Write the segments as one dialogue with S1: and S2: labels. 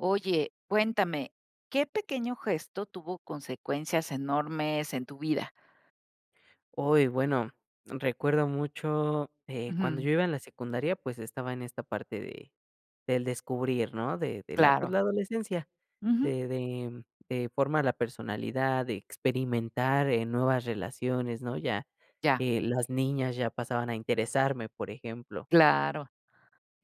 S1: Oye, cuéntame, ¿qué pequeño gesto tuvo consecuencias enormes en tu vida?
S2: Uy, bueno recuerdo mucho, eh, cuando
S1: Ujú.
S2: yo iba en la secundaria pues estaba en esta parte de del descubrir, ¿no? De de la, pues,
S1: Claro.
S2: la adolescencia,
S1: Ujú.
S2: de de de formar la personalidad, de experimentar, eh, nuevas relaciones, ¿no? Ya,
S1: Ya.
S2: eh, las niñas ya pasaban a interesarme, por ejemplo.
S1: Claro.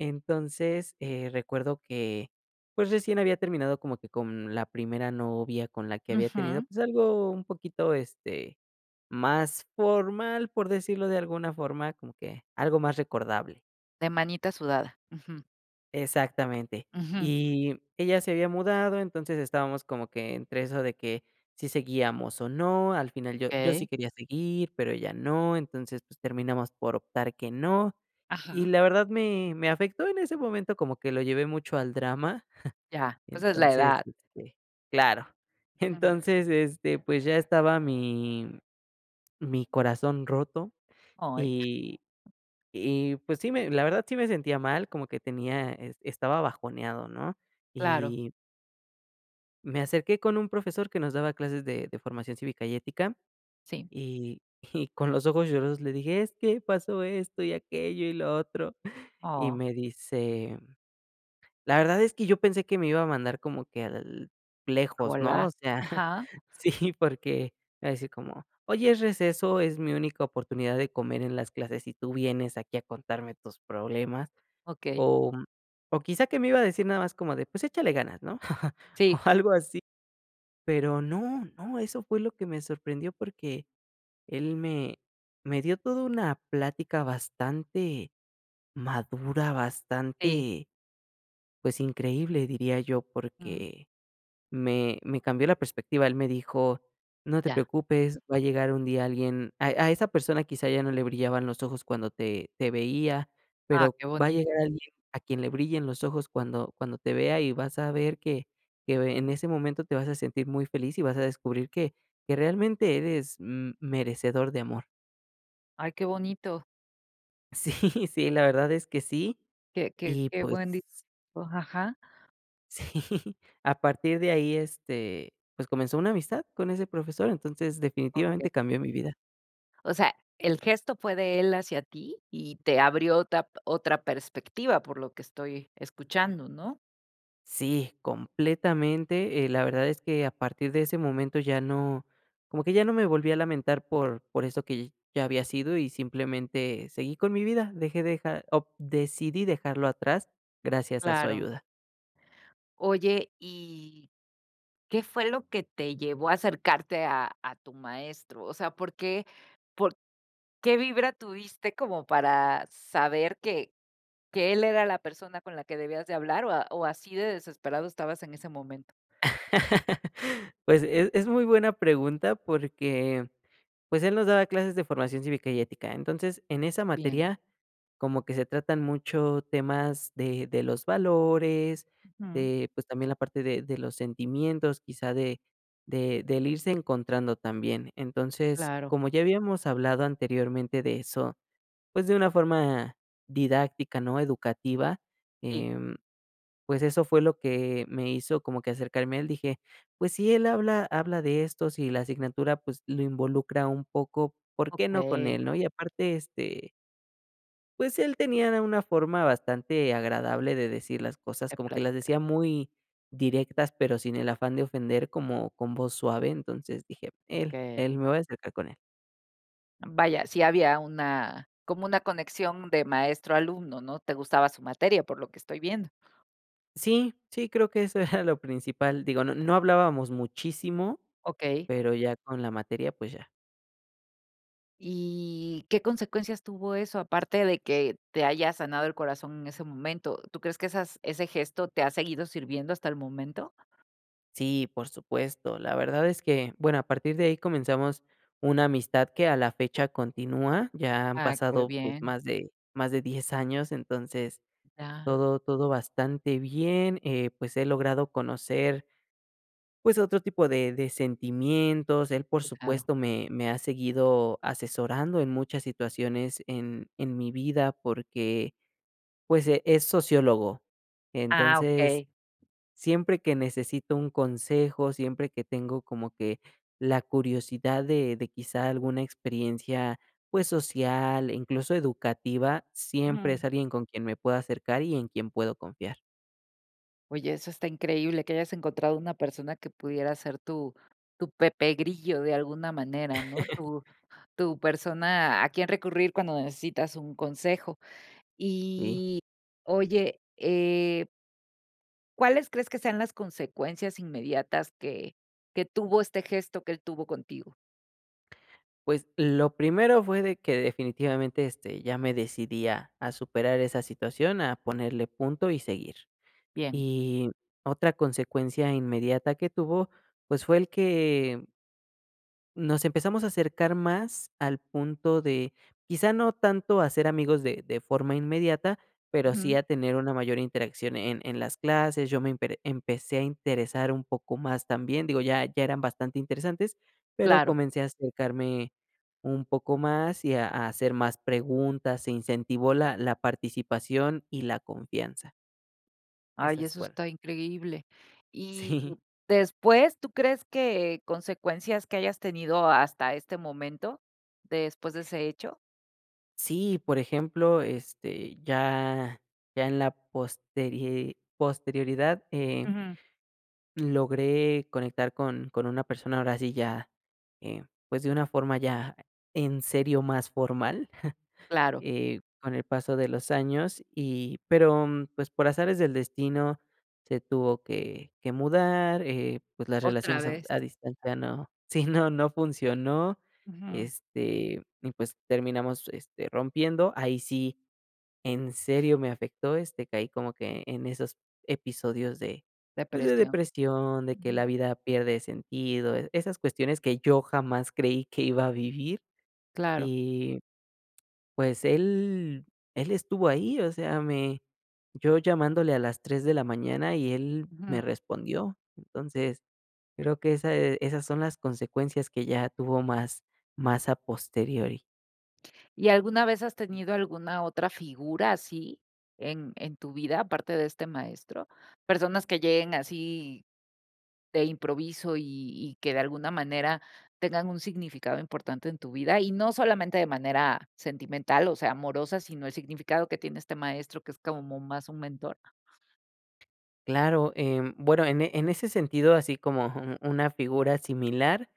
S2: Entonces, eh, recuerdo que, pues recién había terminado como que con la primera novia con la que había tenido,
S1: Ujú.
S2: pues algo un poquito, este, más formal, por decirlo de alguna forma, como que, algo más recordable.
S1: De manita sudada, ujú.
S2: Exactamente.
S1: Ujú.
S2: Y ella se había mudado, entonces estábamos como que entre eso de que, si seguíamos o no, al final yo yo sí
S1: Okey.
S2: quería seguir, pero ella no, entonces, pues, terminamos por optar que no. Y
S1: Ajá.
S2: la verdad me me afectó en ese momento como que lo llevé mucho al drama,
S1: Ya, pues es la
S2: entonces,
S1: edad.
S2: este claro,
S1: Claro.
S2: entonces, este, pues ya estaba mi mi corazón roto
S1: Ay.
S2: y y pues sí, me la verdad sí me sentía mal, como que tenía e estaba bajoneado ¿no?
S1: Claro.
S2: Y me acerqué con un profesor que nos daba clases de de formación cívica y ética,
S1: Sí.
S2: y y con los ojos lloros le dije: "Es que pasó esto y aquello, y lo otro", y
S1: Oh.
S2: me dice: "La verdad es que yo pensé que me iba a mandar como que al
S1: A
S2: lejos, ¿no?
S1: volar.
S2: O sea,
S1: Ajá.
S2: sí, porque me iba a decir como: "Oye, es receso, es mi única oportunidad de comer en las clases y tú vienes aquí, a contarme tus problemas".
S1: Okey.
S2: O o quizá que me iba a decir nada más como de: "Pues échale ganas", ¿no?, o
S1: Sí.
S2: algo así. Pero no, no, eso fue lo que me sorprendió, porque él me me dio toda una plática bastante madura,
S1: Sí.
S2: bastante, pues, increíble, diría yo,
S1: Ujú.
S2: porque me me cambió la perspectiva. Él me dijo: "No te
S1: Ya.
S2: preocupes, va a llegar un día alguien a a esa persona quizá ya no le brillaban los ojos cuando te te veía,
S1: Ah,
S2: pero
S1: qué
S2: va a llegar
S1: bonito.
S2: alguien a quien le brillen los ojos cuando cuando te vea y vas a ver que que ve en ese momento te vas a sentir muy feliz y vas a descubrir que que realmente eres, mm, merecedor de amor".
S1: Ay, qué bonito.
S2: Sí. Sí, la verdad es que sí.
S1: Qué qué
S2: Y
S1: qué
S2: pues
S1: buen di o ajá.
S2: Sí. A partir de ahí, este, pues, comenzó una amistad con ese profesor. Entonces,
S1: Okey.
S2: definitivamente cambió mi vida.
S1: O sea, el gesto fue de él hacia ti y te abrió otra p otra perspectiva, por lo que estoy escuchando, ¿no?
S2: Sí, completamente. Eh, la verdad es que a partir de ese momento ya no como que ya no me volví a lamentar por por eso que ya había sido y, simplemente, seguí con mi vida. Dejé dejar o decidí dejarlo atrás gracias a su
S1: Claro.
S2: ayuda.
S1: Oye, y, ¿qué fue lo que te llevó a acercarte a a tu maestro? O sea, ¿por qué? ¿Por qué vibra tuviste como para saber que que él era la persona con la que debías de hablar o a o así de desesperado estabas en ese momento?
S2: Pues, es es muy buena pregunta porque, pues, él nos daba clases de Formación Cívica y Ética. Entonces, en esa
S1: Bien.
S2: materia, como que se tratan mucho temas de de los valores,
S1: Ujú.
S2: de, pues, también la parte de de los sentimientos, quizá de de del irse encontrando también. Entonces,
S1: Claro.
S2: como ya habíamos hablado anteriormente de eso, pues, de una forma didáctica, ¿no?, educativa,
S1: Sí.
S2: em, pues, eso fue lo que me hizo como que acercarme a él. Dije, pues, si él habla habla de estos, y la asignatura, pues, lo involucra un poco, ¿por qué no con
S1: Okey.
S2: él? ¿No? Y aparte, este pues, él tenía de una forma bastante agradable de decir las cosas,
S1: Te
S2: como que
S1: pla
S2: las decía muy directas, pero sin el afán de ofender, como con voz suave, entonces, dije, él,
S1: Okey.
S2: él me voy a acercar con él.
S1: Vaya, sí había una como una conexión de maestro a alumno, ¿no? Te gustaba su materia, por lo que estoy viendo.
S2: Sí, sí, creo que eso era lo principal, digo, no no hablábamos muchísimo,
S1: Okey.
S2: pero ya con la materia, pues ya.
S1: ¿Y qué consecuencias tuvo eso aparte de que te haya sanado el corazón en ese momento? ¿Tú crees que esas ese gesto te ha seguido sirviendo hasta el momento?
S2: Sí, por supuesto. La verdad es que, bueno, a partir de ahí comenzamos una amistad que a la fecha continúa, ya han
S1: Ah, qué
S2: pasado, pues,
S1: bien.
S2: más de más de 10 años, entonces
S1: Ah.
S2: todo todo bastante bien. Eh, pues he logrado conocer pues, otro tipo de de sentimientos. Él, por
S1: Claro.
S2: supuesto, me me ha seguido asesorando en muchas situaciones en en mi vida porque, pues e es sociólogo.
S1: Ah,
S2: Entonces,
S1: okey.
S2: siempre que necesito un consejo, siempre que tengo como que la curiosidad de de quizá alguna experiencia, pues social, e incluso educativa, siempre
S1: Ujú.
S2: es alguien con quien me puedo acercar y en quien puedo confiar.
S1: Oye, eso está increíble que hayas encontrado una persona que pudiera ser tu tu Pepe Grillo de alguna manera, ¿no? Tu tu persona a quien recurrir cuando necesitas un consejo.
S2: Sí.
S1: Y, oye, eh ¿Cuáles crees que sean las consecuencias inmediatas que que tuvo este gesto que él tuvo contigo?
S2: Pues, lo primero fue de que definitivamente, este, ya me decidí a a superar esa situación, a ponerle punto y seguir.
S1: Bien.
S2: Y otra consecuencia inmediata que tuvo, pues fue el que nos empezamos a acercar más al punto de, quizá no tanto a ser amigos de de forma inmediata, pero sí
S1: Ujú.
S2: a tener una mayor interacción en en las clases. Yo me empere empecé a interesar un poco más también, digo ya ya eran bastante interesantes, pero
S1: Claro.
S2: comencé a acercarme un poco más y a a hacer más preguntas, se incentivó la la participación y la confianza.
S1: Ay,
S2: Esas
S1: eso
S2: fueron.
S1: está increíble. Y
S2: Sí.
S1: después, ¿tú crees que consecuencias que hayas tenido hasta este momento después de ese hecho?
S2: Sí, por ejemplo, este, ya ya en la posteri posterioridad, eh
S1: Ujú.
S2: logré conectar con con una persona ahora sí ya, eh, pues, de una forma ya en serio, más formal,
S1: Claro.
S2: eh, con el paso de los años. Y pero, pues, por azares del destino, se tuvo que que mudar, eh, pues, las
S1: Otra
S2: relaciones a fu
S1: vez.
S2: a distancia no sí, no, no funcionó,
S1: Ujú.
S2: este, y, pues, terminamos, este, rompiendo. Ahí sí, en serio, me afectó, este, caí como que en esos episodios de, pues, de
S1: Depresión.
S2: depresión, de que
S1: Ujú.
S2: la vida pierde sentido, e esas cuestiones que yo jamás creí que iba a vivir
S1: Claro.
S2: y, pues, él él estuvo ahí, o sea, me yo llamándole a las 3 de la mañana y él me
S1: Ujú.
S2: respondió. Entonces, creo que ese esas son las consecuencias que ya tuvo más más a posteriori.
S1: ¿Y alguna vez has tenido alguna otra figura así en en tu vida, aparte de este maestro? Personas que lleguen así de improviso y y que de alguna manera, tengan un significado importante en tu vida y no solamente, de manera sentimental, o sea, amorosa, sino el significado que tiene este maestro, que es como más un mentor.
S2: Claro, em, bueno en en ese sentido así como un una figura similar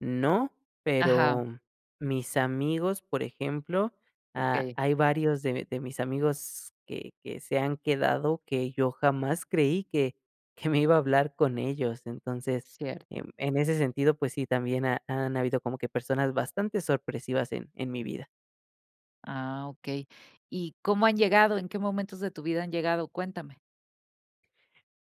S2: no,
S1: Ajá.
S2: pero mis amigos, por ejemplo, ha
S1: Okey.
S2: hay varios de de mis amigos que que se han quedado, que yo jamás creí que que me iba a hablar con ellos. Entonces,
S1: Cierto.
S2: em, en ese sentido, pues sí, también ha han habido como que personas bastante sorpresivas en en mi vida.
S1: Ah, okey. ¿Y cómo han llegado? ¿En qué momentos de tu vida han llegado? Cuéntame.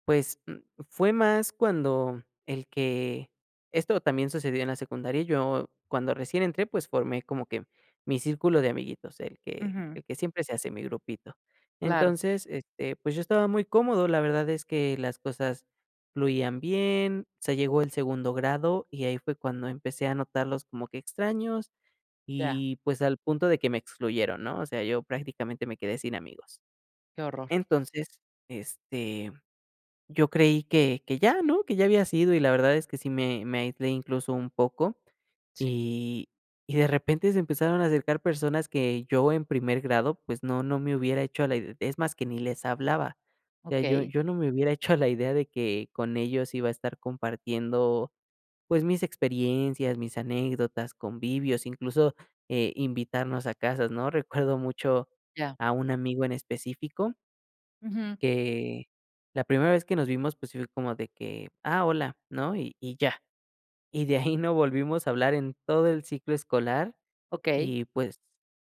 S2: Pues, mm, fue más cuando el que esto también sucedió en la secundaria, yo cuando recién entré, pues, formé como que mi círculo de amiguitos, el que
S1: Ujú.
S2: el que siempre se hace, mi grupito.
S1: Claro.
S2: Entonces, este, pues yo estaba muy cómodo, la verdad es que las cosas fluían bien, se llegó el segundo grado y ahí fue cuando empecé a notarlos como que extraños
S1: Ya.
S2: y, pues, al punto de que me excluyeron ¿no?, o sea, yo prácticamente me quedé sin amigos.
S1: Qué horror.
S2: Entonces, este, yo creí que que ya ¿no? Que ya había sido, y la verdad es que sí me me aislé, incluso, un poco
S1: Sí.
S2: y y de repente se empezaron a acercar personas que yo en primer grado pues no no me hubiera hecho a la ide es más, que ni les hablaba. O sea, yo
S1: Okey.
S2: yo no me hubiera hecho la idea de que con ellos iba a estar compartiendo, pues mis experiencias, mis anécdotas, convivios, incluso eh, invitarnos a casas, ¿no? Recuerdo mucho
S1: Ya.
S2: a un amigo en específico
S1: Ujú.
S2: que la primera vez que nos vimos, pues, si fue como de que: "Ah, hola", ¿no?, y y ya. Y de ahí no volvimos a hablar en todo el ciclo escolar
S1: Okey.
S2: y, pues,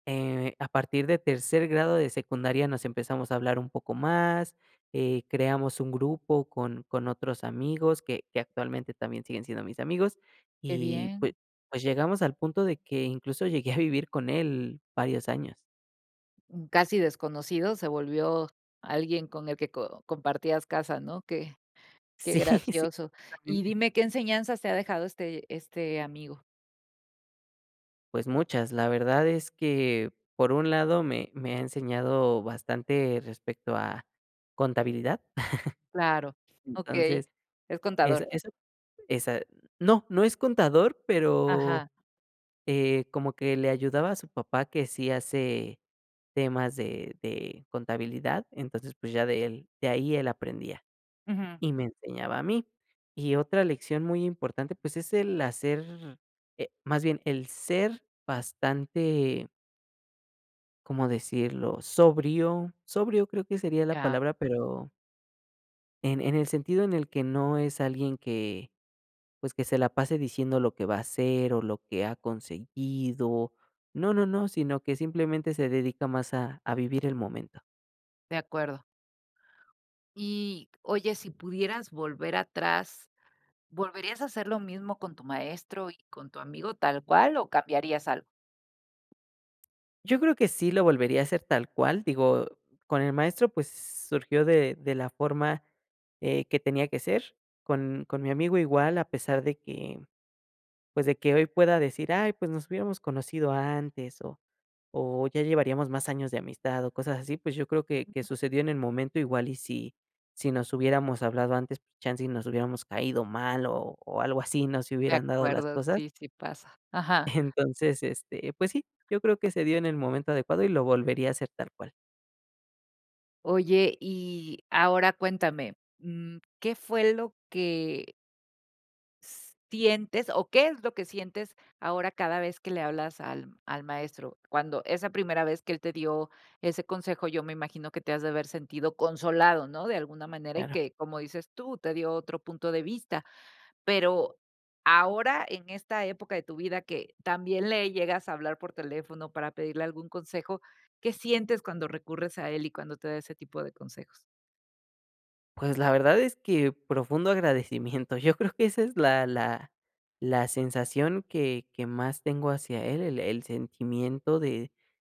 S2: eh, a partir de tercer grado de secundaria nos empezamos a hablar un poco más, eh, creamos un grupo con con otros amigos que que actualmente también siguen siendo mis amigos
S1: Qué
S2: y
S1: bien.
S2: pue pues llegamos al punto de que incluso llegué a vivir con él varios años.
S1: Un casi desconocido se volvió alguien con el que co compartías casa, ¿no? Qué qué
S2: Sí, sí,
S1: gracioso. Y
S2: exactamente.
S1: dime, ¿qué enseñanzas te ha dejado este este amigo?
S2: Pues muchas, la verdad es que por un lado me me ha enseñado bastante respecto a contabilidad.
S1: Claro. Okey.
S2: Entonces,
S1: Es
S2: es
S1: contador.
S2: eso esa no, no es contador, pero,
S1: Ajá.
S2: eh, como que le ayudaba a su papá que sí hace temas de de contabilidad entonces, pues, ya de él de ahí él aprendía
S1: Ujú.
S2: y me enseñaba a mí. Y otra lección muy importante, pues, es el hacer, eh, más bien, el ser bastante ¿Cómo decirlo? Sobrio. Sobrio creo que sería la
S1: Ya.
S2: palabra, pero en en el sentido en el que no es alguien que, pues, que se la pase diciendo lo que va a hacer o lo que ha conseguido, no, no, no, sino que simplemente se dedica más a a vivir el momento.
S1: De acuerdo. Y, oye, si pudieras volver atrás, ¿volverías a hacer lo mismo con tu maestro y con tu amigo tal cual o cambiarías algo?
S2: Yo creo que sí lo volvería a hacer tal cual, digo, con el maestro, pues, surgió de de la forma, eh, que tenía que ser, con con mi amigo igual, a pesar de que, pues, de que hoy pueda decir: "Ay, pues, nos hubiéramos conocido antes o o ya llevaríamos más años de amistad", o cosas así, pues, yo creo que que
S1: [unintelligible]
S2: sucedió en el momento, igual y si si nos hubiéramos hablado antes, pues, chance y nos hubiéramos caído mal o o algo así, no se
S1: De
S2: hubieran dado las
S1: acuerdo,
S2: cosas.
S1: sí, si pasa. Ajá.
S2: Entonces, este, pues, sí, yo creo que se dio en el momento adecuado y lo volvería a hacer tal cual.
S1: Oye, y ahora cuéntame. Mm, ¿qué fue lo que? ¿s sientes o qué es lo que sientes ahora cada vez que le hablas al al maestro? Cuando esa primera vez que él te dio ese consejo, yo me imagino que te has de haber sentido consolado, ¿no?, de alguna manera, y
S2: Claro.
S1: que, como dices tú, te dio otro punto de vista. Pero ahora, en esta época de tu vida, que también le llegas a hablar por teléfono para pedirle algún consejo, ¿qué sientes cuando recurres a él y cuando te da ese tipo de consejos?
S2: Pues, la verdad es que profundo agradecimiento. Yo creo que esa es la la la sensación que que más tengo hacia él. El el sentimiento de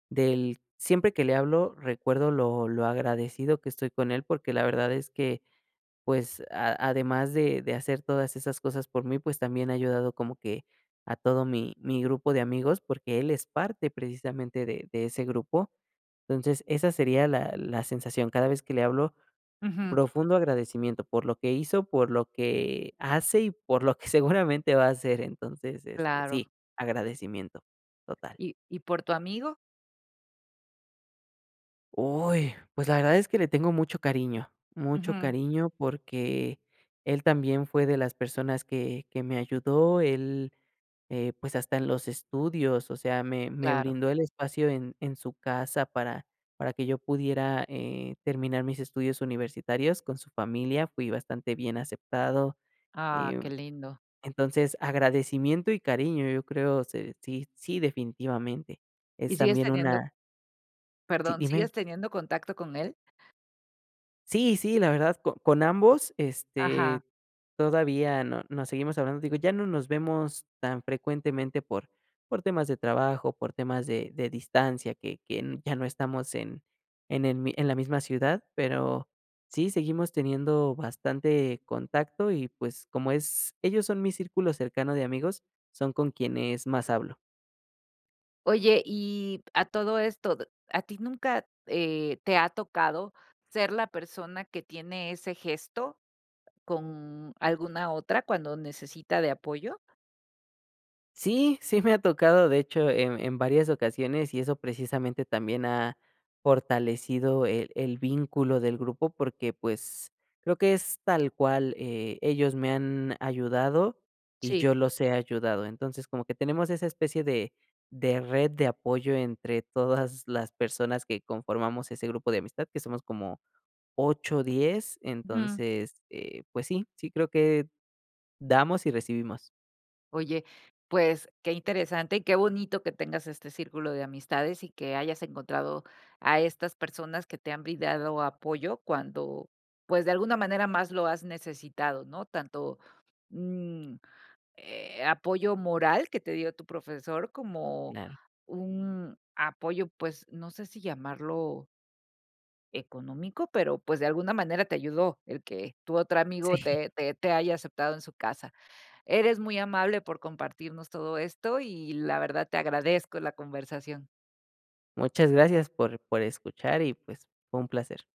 S2: del siempre que le hablo, recuerdo lo lo agradecido que estoy con él, porque la verdad es que, pues, a además de de hacer todas esas cosas por mí, pues, también ha ayudado como que a todo mi mi grupo de amigos, porque él es parte precisamente de de ese grupo. Entonces, esa sería la la sensación. Cada vez que le hablo,
S1: Ujú.
S2: profundo agradecimiento por lo que hizo, por lo que hace y por lo que seguramente va a hacer. Entonces, este
S1: Claro.
S2: sí, agradecimiento. Total.
S1: ¿Y y por tu amigo?
S2: Uy, pues la verdad es que le tengo mucho cariño. Mucho
S1: Ujú.
S2: cariño porque él también fue de las personas que que me ayudó. Él, eh, pues hasta en los estudios, o sea, me me
S1: Claro.
S2: brindó el espacio en en su casa para para que yo pudiera, eh, terminar mis estudios universitarios con su familia. Fui bastante bien aceptado.
S1: Ah, qué
S2: Em,
S1: lindo.
S2: entonces, agradecimiento y cariño, yo creo, se sí sí definitivamente. Es
S1: ¿Y sigues
S2: también
S1: teniendo?
S2: una Sí,
S1: Perdón.
S2: dime.
S1: ¿Sigues teniendo contacto con él?
S2: Sí, sí, la verdad co con ambos,
S1: Ajá.
S2: este, todavía no nos seguimos hablando, digo, ya no nos vemos tan frecuentemente por por temas de trabajo, por temas de de distancia que que ya no estamos en en el mi en la misma ciudad, pero sí, seguimos teniendo bastante contacto y, pues, como es ellos son mi círculo cercano de amigos, son con quienes más hablo.
S1: Oye y, a todo esto, ¿a ti nunca, eh, te ha tocado ser la persona que tiene ese gesto con alguna otra cuando necesita de apoyo?
S2: Sí, sí me ha tocado, de hecho, en en varias ocasiones y eso precisamente también ha fortalecido el el vínculo del grupo porque, pues, creo que es tal cual, eh, ellos me han ayudado y
S1: Sí.
S2: yo los he ayudado. Entonces como que tenemos esa especie de de red de apoyo entre todas las personas que conformamos ese grupo de amistad que somos como 8, 10.
S1: Ujú.
S2: Entonces, eh, pues sí, sí creo que damos y recibimos.
S1: Oye, pues, qué interesante y qué bonito que tengas este círculo de amistades y que hayas encontrado a estas personas que te han brindado apoyo cuando, pues, de alguna manera más lo has necesitado, ¿no? Tanto, mm, eh, apoyo moral que te dio tu profesor, como
S2: Claro.
S1: un apoyo, pues, no sé si llamarlo económico, pero, pues, de alguna manera te ayudó el que tu otro amigo
S2: Sí.
S1: te te te haya aceptado en su casa. Eres muy amable por compartirnos todo esto y, la verdad, te agradezco la conversación.
S2: Muchas gracias por por escuchar y, pues, fue un placer.